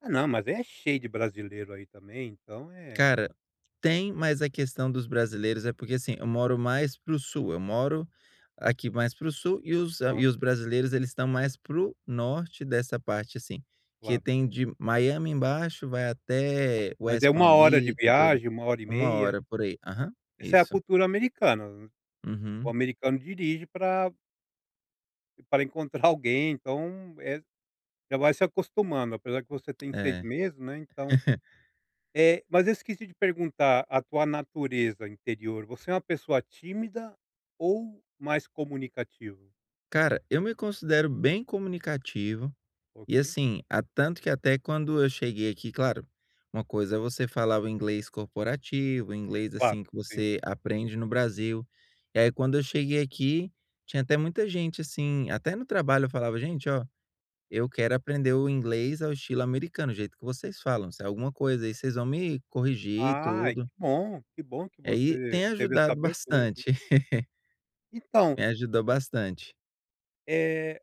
Ah não, mas é cheio de brasileiro aí também, então é Cara, tem mais a questão dos brasileiros, é porque assim, eu moro mais pro sul, eu moro aqui mais pro sul e os Ah. e os brasileiros eles estão mais pro norte dessa parte assim, que Claro. tem de Miami embaixo, vai até Mas West é 1 Palm hora de Beach e tudo, viagem, 1 hora e 1 meia. hora por aí. Aham, Essa é a isso. cultura americana. O Uhum. americano dirige pra Para encontrar alguém, então, eh, já vai se acostumando, apesar que você tem 6 É. meses né, então. Eh, mas eu esqueci de perguntar a tua natureza interior, você é uma pessoa tímida ou mais comunicativa? Cara, eu me considero bem comunicativo e, Ok. assim, a tanto que até quando eu cheguei aqui, claro, uma coisa é você falar inglês corporativo, inglês Claro, assim que sim. você aprende no Brasil. E aí quando eu cheguei aqui, tinha até muita gente assim, até no trabalho eu falava: “Gente, olha, eu quero aprender o inglês ao estilo americano, o jeito que vocês falam. Se é alguma coisa aí vocês vão me corrigir e Ai tudo”. que bom, que bom que É e você tem teve essa ajudado abertura assim. bastante. Então Me ajudou bastante. Eh,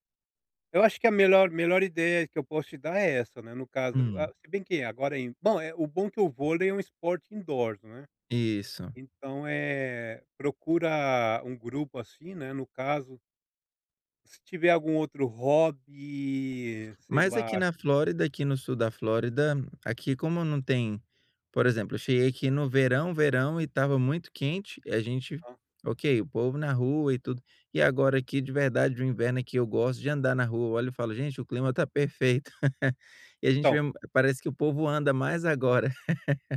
eu acho que a melhor melhor ideia que eu posso te dar é essa, né, no caso. Ah, Hum. se bem que agora é in bom, o bom que o vôlei é um esporte indoors, né. Isso. Então, eh eh procura um grupo assim, né, no caso. Se tiver algum outro hobby, sei Mas lá. aqui na Flórida, aqui no sul da Flórida, aqui como não tem, por exemplo, eu cheguei aqui no verão, verão e estava muito quente e a gente, Aham. ok, o povo na rua e tudo. E agora aqui de verdade o inverno aqui eu gosto de andar na rua, olho e falo: "Gente o clima tá perfeito". E a gente Então. vê, parece que o povo anda mais agora.